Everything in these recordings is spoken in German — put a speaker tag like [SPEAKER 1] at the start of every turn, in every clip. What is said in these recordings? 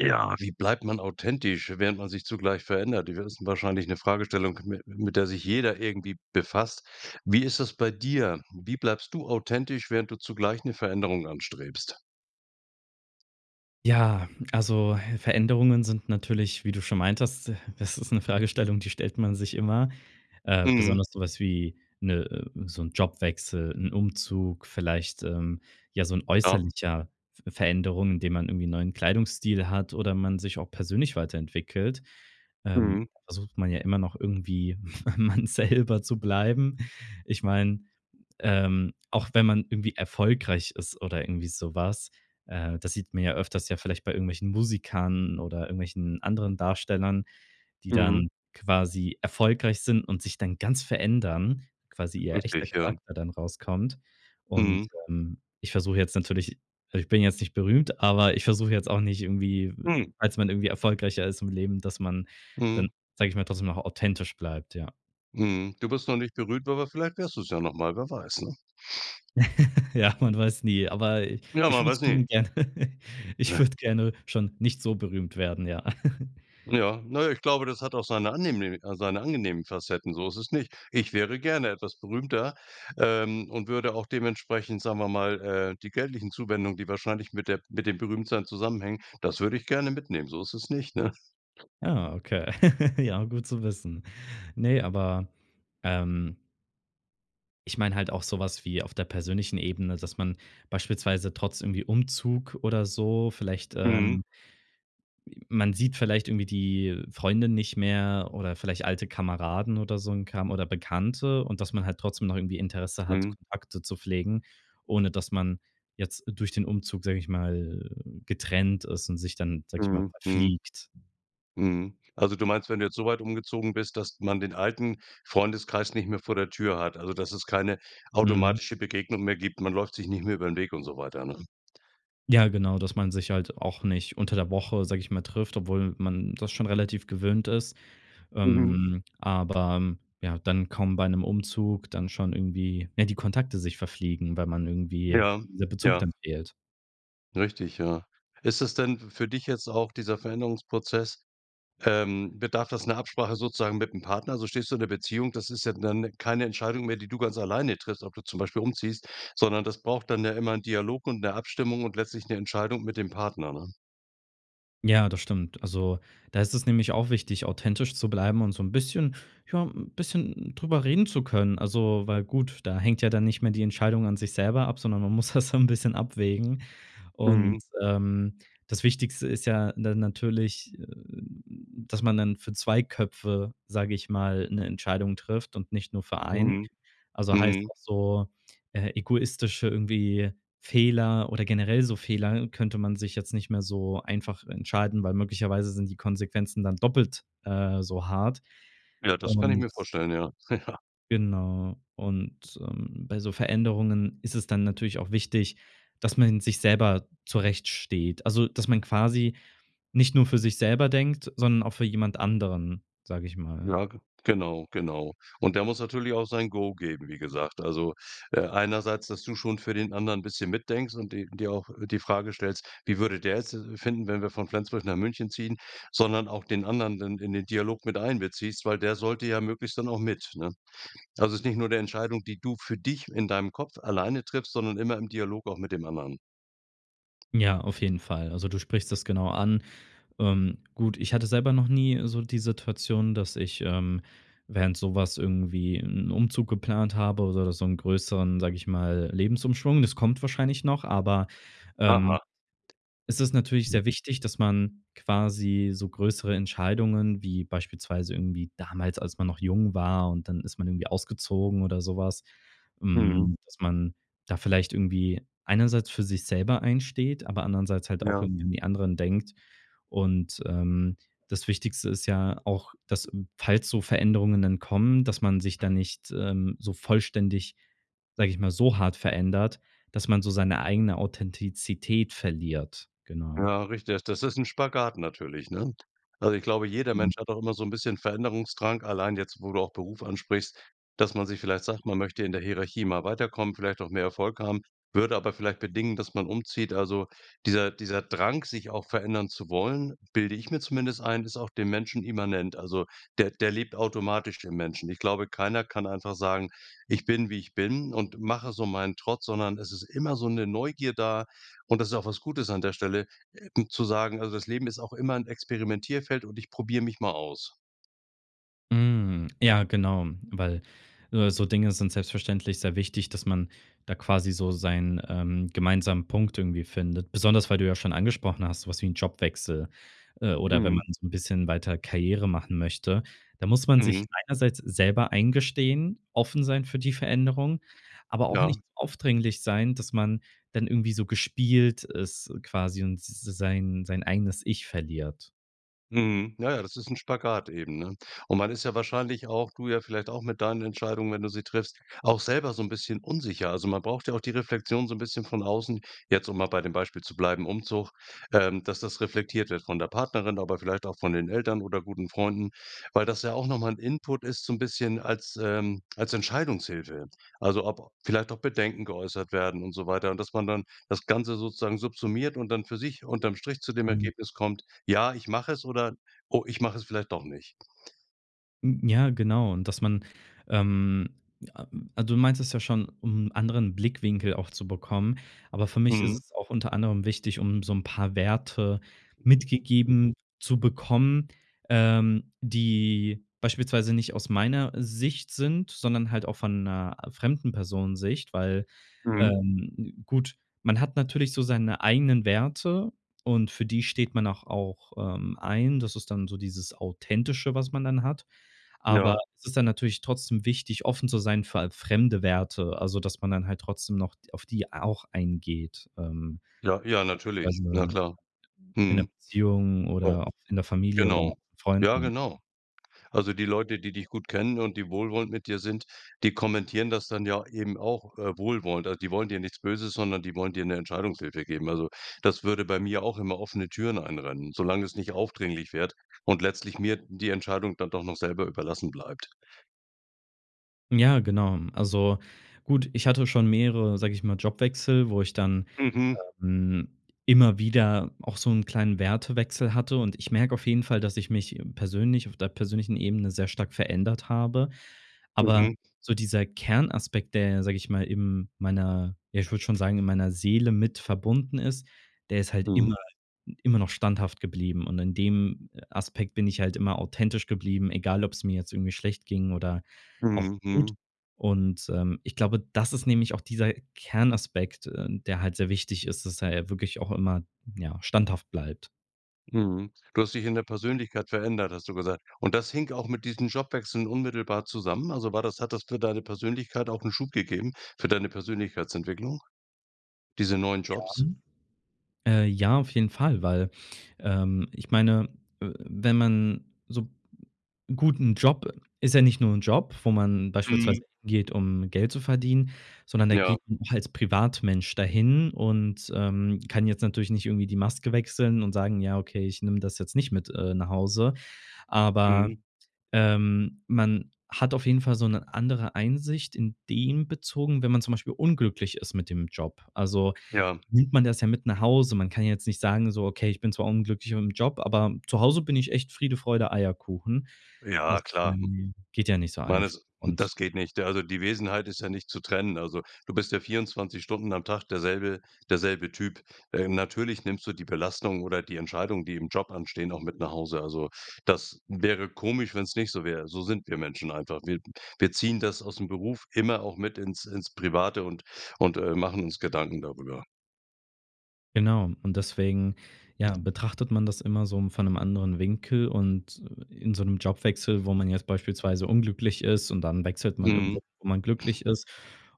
[SPEAKER 1] Ja, wie bleibt man authentisch, während man sich zugleich verändert? Das ist wahrscheinlich 'ne Fragestellung, mit mit der sich jeder irgendwie befasst. Wie ist das bei dir? Wie bleibst du authentisch, während du zugleich 'ne Veränderung anstrebst?
[SPEAKER 2] Ja, also Veränderungen sind natürlich, wie du schon meintest: „D das ist 'ne Fragestellung, die stellt man sich immer“. Äh,
[SPEAKER 1] Mhm.
[SPEAKER 2] besonders so was wie, 'ne äh, so 'n Jobwechsel, 'n Umzug, vielleicht, ähm, ja so 'n
[SPEAKER 1] Ja.
[SPEAKER 2] äußerlicher V Veränderung, indem man irgendwie 'n neuen Kleidungsstil hat oder man sich auch persönlich weiterentwickelt, ähm,
[SPEAKER 1] Mhm.
[SPEAKER 2] versucht man ja immer noch irgendwie, man selber zu bleiben. Ich mein, ähm, auch wenn man irgendwie erfolgreich ist oder irgendwie so was, äh, das sieht man ja öfters ja vielleicht bei irgendwelchen Musikern oder irgendwelchen anderen Darstellern, die dann
[SPEAKER 1] Mhm.
[SPEAKER 2] quasi erfolgreich sind und sich dann ganz verändern, quasi ihr echter
[SPEAKER 1] Richtig, ja.
[SPEAKER 2] Charakter dann rauskommt. Und,
[SPEAKER 1] Mhm.
[SPEAKER 2] ähm, ich versuche jetzt natürlich a ich bin jetzt nicht berühmt, aber ich versuche jetzt auch nicht irgendwie,
[SPEAKER 1] Hm.
[SPEAKER 2] als man irgendwie erfolgreicher ist im Leben, dass man dann,
[SPEAKER 1] Mhm.
[SPEAKER 2] sag ich mal: „Trotzdem noch authentisch bleibt“, ja.
[SPEAKER 1] Mhm, du bist noch nicht berühmt, aber vielleicht wirst du's ja noch mal, wer weiß, ne?
[SPEAKER 2] Ja, man weiß nie, aber
[SPEAKER 1] Genau
[SPEAKER 2] ich
[SPEAKER 1] man
[SPEAKER 2] würde es
[SPEAKER 1] weiß nie.
[SPEAKER 2] tun gerne, ich würde gerne schon nicht so berühmt werden, ja.
[SPEAKER 1] Ja, ne, ich glaube, das hat auch seine angenehm seine angenehmen Facetten, so ist es nicht. Ich wäre gerne etwas berühmter, ähm, und würde auch dementsprechend, sagen wir mal, äh: „Die geldlichen Zuwendungen, die wahrscheinlich mit der mit dem Berühmtseien zusammenhängen“, das würd ich gerne mitnehmen, so ist es nicht, ne?
[SPEAKER 2] Ja, okay. Ja, gut zu wissen. Ne, aber ähm ich meine halt auch so was wie auf der persönlichen Ebene, dass man beispielsweise trotz irgendwie Umzug oder so vielleicht,
[SPEAKER 1] Mhm.
[SPEAKER 2] ähm man sieht vielleicht irgendwie, äh, die Freunde nicht mehr oder vielleicht alte Kameraden oder so 'n Kram oder Bekannte und dass man halt trotzdem noch irgendwie Interesse hat,
[SPEAKER 1] Mhm.
[SPEAKER 2] Kontakte zu pflegen, ohne dass man jetzt durch den Umzug, sag ich mal, äh, „getrennt“ ist und sich dann, sag ich mal,
[SPEAKER 1] Mhm, mhm.
[SPEAKER 2] „verfliegt“.
[SPEAKER 1] Mhm, also du meinst, wenn du jetzt so weit umgezogen bist, dass man den alten Freundeskreis nicht mehr vor der Tür hat, also, dass es keine
[SPEAKER 2] Mhm.
[SPEAKER 1] automatische Begegnung mehr gibt. Man läuft sich nicht mehr über 'n Weg und so weiter, ne?
[SPEAKER 2] Ja, genau, dass man sich halt auch nicht unter der Woche, sag ich mal, „trifft“, obwohl man das schon relativ gewöhnt ist.
[SPEAKER 1] Mhm.
[SPEAKER 2] Ähm, aber, hm, ja, dann kommen bei 'nem Umzug dann schon irgendwie ja, die Kontakte sich verfliegen, weil man irgendwie,
[SPEAKER 1] Ja.
[SPEAKER 2] der Bezug
[SPEAKER 1] Ja.
[SPEAKER 2] dann fehlt.
[SPEAKER 1] Richtig, ja. Ist es denn f für dich jetzt auch dieser Veränderungsprozess ähm, bedarf das 'ner Absprache sozusagen mit 'm Partner? So, stehst du in der Beziehung, das ist ja dann ne, keine Entscheidung mehr, die du ganz alleine triffst, ob du zum Beispiel umziehst, sondern das braucht dann ja immer 'n Dialog und 'ne Abstimmung und letztlich 'ne Entscheidung mit dem Partner, ne?
[SPEAKER 2] Ja, das stimmt. Also, da ist es nämlich auch wichtig, authentisch zu bleiben und so 'n bisschen, ja, 'n bisschen drüber reden zu können. Also, weil gut, da hängt ja dann nicht mehr die Entscheidung an sich selber ab, sondern man muss das dann 'n bisschen abwägen. Und,
[SPEAKER 1] Mhm.
[SPEAKER 2] ähm, das Wichtigste ist ja, ne, natürlich, dass man dann für 2 Köpfe, sage ich mal, 'ne Entscheidung trifft und nicht nur für einen.
[SPEAKER 1] Mhm.
[SPEAKER 2] Also, heißt
[SPEAKER 1] Mhm.
[SPEAKER 2] auch so, äh, egoistische irgendwie Fehler, oder generell so Fehler könnte man sich jetzt nicht mehr so einfach entscheiden, weil möglicherweise sind die Konsequenzen dann doppelt, äh, so hart
[SPEAKER 1] Ja, das kann ich
[SPEAKER 2] und
[SPEAKER 1] mir vorstellen, ja. Ja.
[SPEAKER 2] genau und, ähm, bei so Veränderungen ist es dann natürlich auch wichtig, dass man sich selber zurechtsteht, also, dass man quasi nicht nur für sich selber denkt, sondern auch für jemand anderen, sage ich mal.
[SPEAKER 1] Ja, ge genau, genau. Und der muss natürlich auch sein Go geben, wie gesagt. Also, äh, einerseits, dass du schon für den anderen bisschen mitdenkst und d dir auch die Frage stellst: „Wie würde der jetzt de finden, wenn wir von Flensburg nach München ziehen?“, sondern auch den anderen dann in den Dialog mit einbeziehst, weil der sollte ja möglichst dann auch mit, ne? Also ist nicht nur 'ne Entscheidung, die du für dich in deinem Kopf alleine triffst, sondern immer im Dialog auch mit dem anderen.
[SPEAKER 2] Ja, auf jeden Fall. Also du sprichst das genau an. Ähm, gut, ich hatte selber noch nie so die Situation, dass ich, ähm, während so was irgendwie 'n Umzug geplant habe oder so 'n größeren, sage ich mal, Lebensumschwung. Das kommt wahrscheinlich noch, aber, ähm,
[SPEAKER 1] Aha.
[SPEAKER 2] es ist natürlich sehr wichtig, dass man quasi so größere Entscheidungen wie beispielsweise irgendwie damals, als man noch jung war und dann ist man irgendwie ausgezogen oder so was
[SPEAKER 1] Mhm.
[SPEAKER 2] hm, dass man da vielleicht irgendwie einerseits für sich selber einsteht, aber andererseits halt auch
[SPEAKER 1] Ja.
[SPEAKER 2] irgendwie an die anderen denkt. Und, ähm, das Wichtigste ist ja auch, dass falls so Veränderungen dann kommen, dass man sich da nicht, ähm, so vollständig, sage ich mal, so hart verändert, dass man so seine eigene Authentizität verliert, genau.
[SPEAKER 1] Ja, richtig. Das ist 'n Spagat natürlich, ne? Also ich glaube, jeder
[SPEAKER 2] Mhm.
[SPEAKER 1] Mensch hat auch immer so 'n bisschen Veränderungsdrang. Allein jetzt, wo du auch Beruf ansprichst, dass man sich vielleicht sagt, man möchte in der Hierarchie mal weiterkommen, vielleicht auch mehr Erfolg haben, würde aber vielleicht bedingen, dass man umzieht. Also dieser dieser Drang, sich auch verändern zu wollen, bilde ich mir zumindest ein, ist auch dem Menschen immanent. Also, der der lebt automatisch im Menschen. Ich glaube, keiner kann einfach sagen: „Ich bin, wie ich bin und mache so meinen Trott.“ Sondern es ist immer so 'ne Neugier da und das ist auch was Gutes an der Stelle, äh, zu sagen:„Also, das Leben ist auch immer 'n Experimentierfeld und ich probier mich mal aus.“
[SPEAKER 2] Hm. Ja, genau. Weil, äh, so Dinge sind selbstverständlich sehr wichtig, dass man da quasi so seinen, ähm, gemeinsamen Punkt irgendwie findet. Besonders, weil du ja schon angesprochen hast, so was wie 'n Jobwechsel, äh, oder wenn man
[SPEAKER 1] Mhm.
[SPEAKER 2] so 'n bisschen weiter Karriere machen möchte, da muss man sich
[SPEAKER 1] Mhm.
[SPEAKER 2] einerseits selber eingestehen, offen sein für die Veränderung, aber auch nicht
[SPEAKER 1] Ja.
[SPEAKER 2] aufdringlich sein, dass man dann irgendwie so gespielt ist quasi und s s sein sein eigenes ich verliert.
[SPEAKER 1] Mhm. Na ja, das ist 'n Spagat eben, ne? Und man ist ja wahrscheinlich auch, du ja vielleicht auch mit deinen Entscheidungen, wenn du sie triffst, auch selber so 'n bisschen unsicher. Also, man braucht ja auch die Reflexion so 'n bisschen von außen, jetzt, um mal bei dem Beispiel zu bleiben Umzug, ähm, dass das reflektiert wird von der Partnerin, aber vielleicht auch von den Eltern oder guten Freunden, weil das ja auch noch mal 'n Input ist so 'n bisschen als, ähm, als Entscheidungshilfe. Also ob vielleicht auch Bedenken geäußert werden und so weiter und dass man dann das Ganze sozusagen subsumiert und dann für sich unterm Strich zu dem
[SPEAKER 2] Mhm.
[SPEAKER 1] Ergebnis kommt: „Ja, ich mach es.“ Oder: „Oh, ich mach es vielleicht doch nicht.“
[SPEAKER 2] Hm, ja, genau und dass man ähm, a du meintest ja schon, um 'n anderen Blickwinkel auch zu bekommen. Aber für mich ist
[SPEAKER 1] Mhm.
[SPEAKER 2] es auch unter anderem wichtig, um so 'n paar Werte mitgegeben zu bekommen, ähm, die beispielsweise nicht aus meiner Sicht sind, sondern halt auch von 'ner fremden Personensicht. Weil,
[SPEAKER 1] Mhm.
[SPEAKER 2] ähm, gut, man hat natürlich so seine eigenen Werte und für die steht man auch auch, ähm, ein. Das ist dann so dieses Authentische, was man dann hat. Aber
[SPEAKER 1] Ja.
[SPEAKER 2] es ist dann natürlich trotzdem wichtig, offen zu sein für halt fremde Werte, also dass man dann halt trotzdem noch d auf die auch eingeht, ähm.
[SPEAKER 1] Ja, ja, natürlich, na
[SPEAKER 2] Also,
[SPEAKER 1] klar.
[SPEAKER 2] in 'ner
[SPEAKER 1] Mhm.
[SPEAKER 2] Beziehung
[SPEAKER 1] [unintelligible]
[SPEAKER 2] oder auch in der Familie oder
[SPEAKER 1] Genau. Ja,
[SPEAKER 2] Freunden.
[SPEAKER 1] genau. Also die Leute, die dich gut kennen und die wohlwollend mit dir sind, die kommentieren das dann ja eben auch, äh, wohlwollend. Also die wollen dir nichts Böses, sondern die wollen dir 'ne Entscheidungshilfe geben. Also das würde bei mir auch immer offene Türen einrennen, solang es nicht aufdringlich wird und letztlich mir die Entscheidung dann doch noch selber überlassen bleibt.
[SPEAKER 2] Ja, genau. Also, gut, ich hatte schon mehrere, sage ich mal, Jobwechsel, wo ich dann,
[SPEAKER 1] Mhm.
[SPEAKER 2] ähm, immer wieder auch so 'n kleinen Wertewechsel hatte. Und ich merke auf jeden Fall, dass ich mich persönlich- auf der persönlichen Ebene- sehr stark verändert habe. Aber
[SPEAKER 1] Mhm.
[SPEAKER 2] so dieser Kernaspekt, der ja, sage ich mal, im meiner ja, ich würde schon sagen, in meiner Seele mit verbunden ist, der ist halt immer
[SPEAKER 1] Mhm.
[SPEAKER 2] immer noch standhaft geblieben. Und in dem Aspekt bin ich halt immer authentisch geblieben, egal ob's mir jetzt irgendwie schlecht ging oder auch
[SPEAKER 1] Mhm,
[SPEAKER 2] gut.
[SPEAKER 1] mhm.
[SPEAKER 2] Und, ähm, ich glaube, das ist nämlich auch dieser Kernaspekt, äh, der halt sehr wichtig ist, dass er ja wirklich auch immer, ja, standhaft bleibt.
[SPEAKER 1] Mhm. Du hast dich in der Persönlichkeit verändert, hast du gesagt. Und das hing auch mit diesen Jobwechseln unmittelbar zusammen? Also, war das hat das für deine Persönlichkeit auch 'n Schub gegeben, für deine Persönlichkeitsentwicklung, diese neuen
[SPEAKER 2] Ja.
[SPEAKER 1] Jobs?
[SPEAKER 2] Äh, ja, auf jeden Fall, weil ähm, ich meine, äh, wenn man so Gut, 'n Job, ist ja nicht nur 'n Job, wo man beispielsweise
[SPEAKER 1] Mhm.
[SPEAKER 2] hingeht, um Geld zu verdienen, sondern da geht
[SPEAKER 1] Ja.
[SPEAKER 2] [unintelligible] als Privatmensch dahin und, ähm, kann jetzt natürlich nicht irgendwie die Maske wechseln und sagen: „Ja, okay, ich nehme das jetzt nicht mit, äh, nach Hause.“ Aber,
[SPEAKER 1] Mhm.
[SPEAKER 2] ähm, man hat auf jeden Fall so 'ne andere Einsicht in dem bezogen, wenn man zum Beispiel unglücklich ist mit dem Job, also
[SPEAKER 1] Ja.
[SPEAKER 2] nimmt man das ja mit nach Hause. Man kann ja jetzt nicht sagen: „So okay, ich bin zwar unglücklich mit 'm Job, aber zu Hause bin ich echt Friede, Freude, Eierkuchen.“ Das,
[SPEAKER 1] Ja, klar, hm.
[SPEAKER 2] ähm, geht ja nicht so
[SPEAKER 1] Man
[SPEAKER 2] einfach
[SPEAKER 1] ist das
[SPEAKER 2] und
[SPEAKER 1] geht nicht. Da also die Wesenheit ist ja nicht zu trennen. Also du bist ja 24 Stunden am Tag derselbe derselbe Typ. Äh, natürlich nimmst du die Belastung oder die Entscheidung, die im Job anstehen, auch mit nach Hause. Also, das wäre komisch, wenn's nicht so wäre. So sind wir Menschen einfach. Wir wir ziehen das aus 'm Beruf immer auch mit ins ins Private und und, äh, machen uns Gedanken darüber.
[SPEAKER 2] Genau. Und deswegen ja, betrachtet man das immer so m von 'nem anderen Winkel und in so 'nem Jobwechsel, wo man jetzt beispielsweise unglücklich ist und dann wechselt man irgendwo,
[SPEAKER 1] Mhm.
[SPEAKER 2] wo man glücklich ist.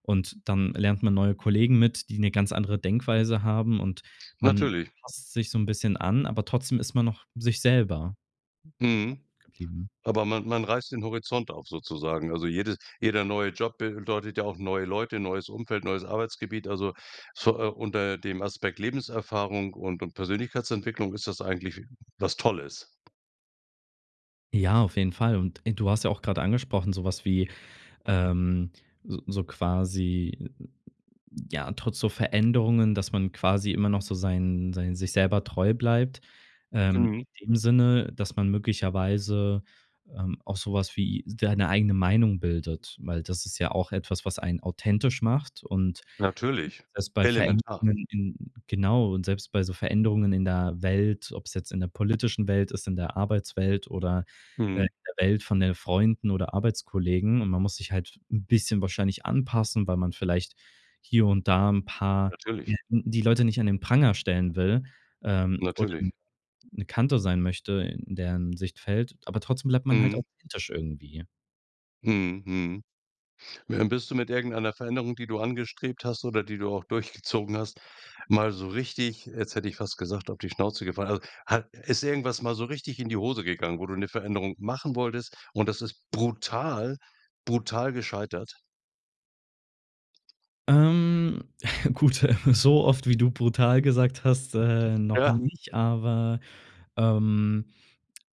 [SPEAKER 2] Und dann lernt man neue Kollegen mit, die 'ne ganz andere Denkweise haben. Und man
[SPEAKER 1] Natürlich.
[SPEAKER 2] passt sich so 'n bisschen an, aber trotzdem ist man noch sich selber so stark
[SPEAKER 1] Mhm.
[SPEAKER 2] geblieben.
[SPEAKER 1] Aber man man reißt den Horizont auf sozusagen. Also jede jeder neue Job bedeutet ja auch neue Leute, neues Umfeld, neues Arbeitsgebiet. Also so, äh, unter dem Aspekt Lebenserfahrung und und Persönlichkeitsentwicklung ist das eigentlich was Tolles.
[SPEAKER 2] Ja, auf jeden Fall. Und in du hast ja auch grade angesprochen, so was wie, ähm, s so quasi ja, trotz so Veränderungen, dass man quasi immer noch so sein sein sich selber treu bleibt, ähm,
[SPEAKER 1] Mhm.
[SPEAKER 2] in dem Sinne, dass man möglicherweise, ähm, auch so was wie s deine eigene Meinung bildet, weil das ist ja auch etwas, was einen authentisch macht und
[SPEAKER 1] Natürlich,
[SPEAKER 2] selbst bei
[SPEAKER 1] elementar.
[SPEAKER 2] Veränderungen in genau, und selbst bei so Veränderungen in der Welt, ob's jetzt in der politischen Welt ist, in der Arbeitswelt oder, äh, in
[SPEAKER 1] Mhm.
[SPEAKER 2] der Welt von den Freunden oder Arbeitskollegen. Und man muss sich halt 'n bisschen wahrscheinlich anpassen, weil man vielleicht hier und da 'n paar,
[SPEAKER 1] Natürlich.
[SPEAKER 2] [unintelligible] die Leute nicht an den Pranger stellen will, ähm, oder [unintelligible]
[SPEAKER 1] Natürlich.
[SPEAKER 2] 'ne Kante sein möchte, in deren Sichtfeld, aber trotzdem bleibt man halt
[SPEAKER 1] Mhm.
[SPEAKER 2] auch kritisch irgendwie.
[SPEAKER 1] Mhm. Mhm. Ja, und bist du mit irgendeiner Veränderung, die du angestrebt hast oder die du auch durchgezogen hast, mal so richtig, jetzt hätte ich fast gesagt, auf die Schnauze gefallen, also ha ist irgendwas mal so richtig in die Hose gegangen, wo du 'ne Veränderung machen wolltest und das ist brutal, brutal gescheitert?
[SPEAKER 2] Ähm, gut, äh, so oft wie du „brutal“ gesagt hast, äh, noch
[SPEAKER 1] Ja.
[SPEAKER 2] nicht, aber, ähm,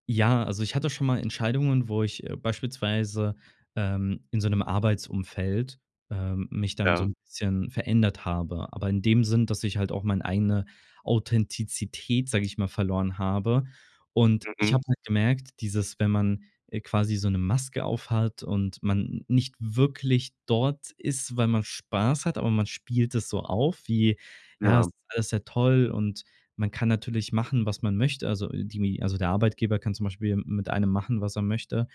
[SPEAKER 2] ja also, ich hatte schon mal Entscheidungen, wo ich, äh, beispielsweise, ähm, in so 'nem Arbeitsumfeld, ähm, mich dann so
[SPEAKER 1] Ja.
[SPEAKER 2] 'n bisschen verändert habe. Aber in dem Sinn, dass ich halt auch mein eigene Authentizität, sag ich mal, verloren habe. Und ich
[SPEAKER 1] Mhm.
[SPEAKER 2] habe halt gemerkt, dieses, wenn man, äh, quasi so 'ne Maske aufhat und man n nicht wirklich dort ist, weil man Spaß hat, aber man spielt es so auf wie „Ja,
[SPEAKER 1] Ja.
[SPEAKER 2] ist alles sehr toll“, und man kann natürlich machen, was man möchte. Also die mi also der Arbeitgeber kann zum Beispiel m mit einem machen, was er möchte.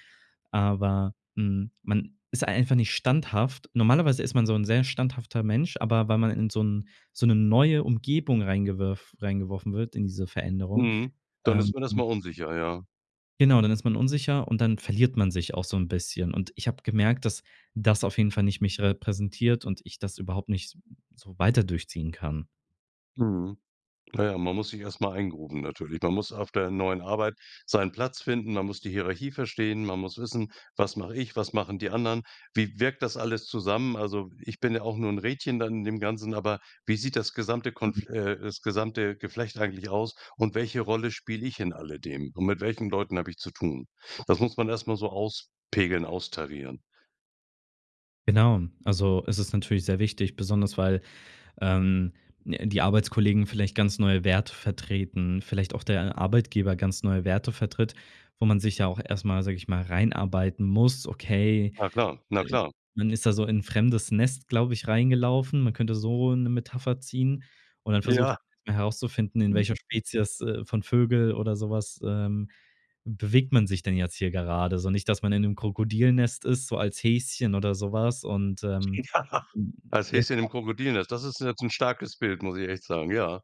[SPEAKER 2] Aber, hm, man ist einfach nicht standhaft. Normalerweise ist man so 'n sehr standhafter Mensch, aber weil man in so 'n so 'ne neue Umgebung rein reingewerf reingeworfen wird in diese Veränderung.
[SPEAKER 1] Mhm. Dann
[SPEAKER 2] Ähm
[SPEAKER 1] ist man erstmal unsicher, ja.
[SPEAKER 2] genau, dann ist man unsicher und dann verliert man sich auch so 'n bisschen. Und ich habe gemerkt, dass das auf jeden Fall nicht mich r repräsentiert und ich das überhaupt nicht so so weiter durchziehen kann.
[SPEAKER 1] Mhm. Na ja, man muss sich erst mal eingrooven natürlich. Man muss auf der neuen Arbeit seinen Platz finden. Man muss die Hierarchie verstehen. Man muss wissen: „Was mache ich? Was machen die anderen? Wie wirkt das alles zusammen? Also, ich bin ja auch nur 'n Rädchen da in dem Ganzen, aber wie sieht das gesamte konf äh, das gesamte Geflecht eigentlich aus und welche Rolle spiele ich in alledem und mit welchen Leuten habe ich zu tun?“ Das muss man erst mal so auspegeln, austarieren.
[SPEAKER 2] Genau, also es ist natürlich sehr wichtig, besonders weil, ähm, ne, die Arbeitskollegen vielleicht ganz neue Werte vertreten, vielleicht auch der Arbeitgeber ganz neue Werte vertritt, wo man sich ja auch erst mal, sage ich mal, reinarbeiten muss. Okay,
[SPEAKER 1] Na klar, na
[SPEAKER 2] äh,
[SPEAKER 1] klar.
[SPEAKER 2] man ist da so in 'n fremdes Nest, glaube ich, reingelaufen. Man könnte so 'ne Metapher ziehen und dann versucht
[SPEAKER 1] Ja.
[SPEAKER 2] man herauszufinden, in welcher Spezies, äh, von Vögel oder so was, ähm, bewegt man sich denn jetzt hier gerade? So nicht dass man in 'nem Krokodil-Nest ist, so als Häschen oder so was und, ähm,
[SPEAKER 1] Ja.
[SPEAKER 2] hm,
[SPEAKER 1] Als Häschen im
[SPEAKER 2] [unintelligible]
[SPEAKER 1] Krokodil-Nest. Das ist jetzt 'n starkes Bild, muss ich echt sagen. Ja.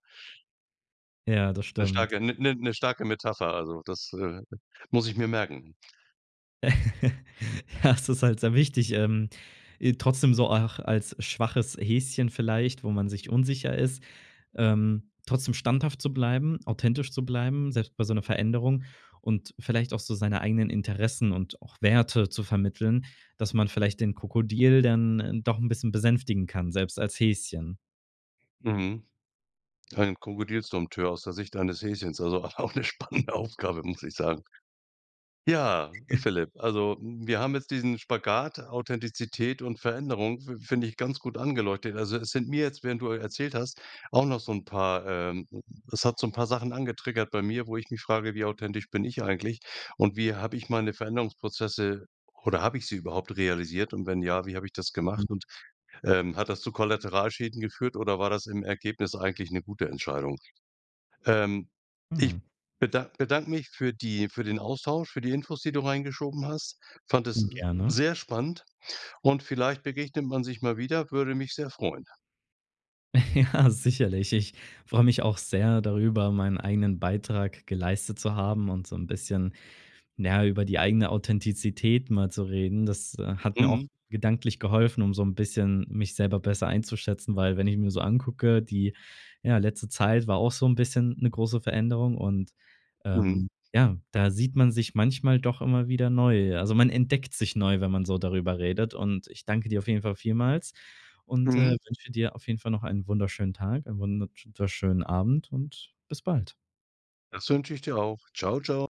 [SPEAKER 2] Ja, das
[SPEAKER 1] 'Ne
[SPEAKER 2] stimmt.
[SPEAKER 1] starke 'ne 'ne starke Metapher, also das, äh, muss ich mir merken.
[SPEAKER 2] Ja, es ist halt sehr wichtig, ähm, i trotzdem so auch als schwaches Häschen vielleicht, wo man sich unsicher ist, ähm, trotzdem standhaft zu bleiben, authentisch zu bleiben, selbst bei so 'ner Veränderung und vielleicht auch so seine eigenen Interessen und auch Werte zu vermitteln, dass man vielleicht den Krokodil dann, äh, doch 'n bisschen besänftigen kann, selbst als Häschen.
[SPEAKER 1] Mhm. Ein Krokodils-Dompteur aus der Sicht eines Häschens. Also auch 'ne spannende Aufgabe, muss ich sagen. Ja, Philipp, also, wir haben jetzt diesen Spagat Authentizität und Veränderung fi find ich ganz gut angeleuchtet. Also es sind mir jetzt, während du, äh, erzählt hast, auch noch so 'n paar, ähm es hat so 'n paar Sachen angetriggert bei mir, wo ich mich frage, wie authentisch bin ich eigentlich? Und wie habe ich meine Veränderungsprozesse oder habe ich sie überhaupt realisiert und wenn ja, wie habe ich das gemacht und, ähm, hat das zu Kollateralschäden geführt oder war das im Ergebnis eigentlich 'ne gute Entscheidung? Ähm, ich
[SPEAKER 2] Mhm.
[SPEAKER 1] bedank bedanke mich für die für den Austausch, für die Infos, die du reingeschoben hast. Fand es
[SPEAKER 2] Mh, gerne.
[SPEAKER 1] sehr spannend und vielleicht begegnet man sich mal wieder, würde mich sehr freuen.
[SPEAKER 2] Ja, sicherlich. Ich freue mich auch sehr darüber, meinen eigenen Beitrag geleistet zu haben und so 'n bisschen, na ja, über die eigene Authentizität mal zu reden. Das, äh, hat mir auch
[SPEAKER 1] Mhm.
[SPEAKER 2] gedanklich geholfen, um so 'n bisschen mich selber besser einzuschätzen, weil wenn ich mir so angucke, die, ja, letzte Zeit war auch so 'n bisschen 'ne große Veränderung und,
[SPEAKER 1] Mhm.
[SPEAKER 2] ähm, ja, da sieht man sich manchmal doch immer wieder neu. Also, man entdeckt sich neu, wenn man so darüber redet und ich danke dir auf jeden Fall vielmals und, äh,
[SPEAKER 1] Mhm.
[SPEAKER 2] wünsche dir auf jeden Fall noch einen wunderschönen Tag und einen wunderhübsch schönen Abend und bis bald.
[SPEAKER 1] Das wünsche ich dir auch. Ciao, ciao.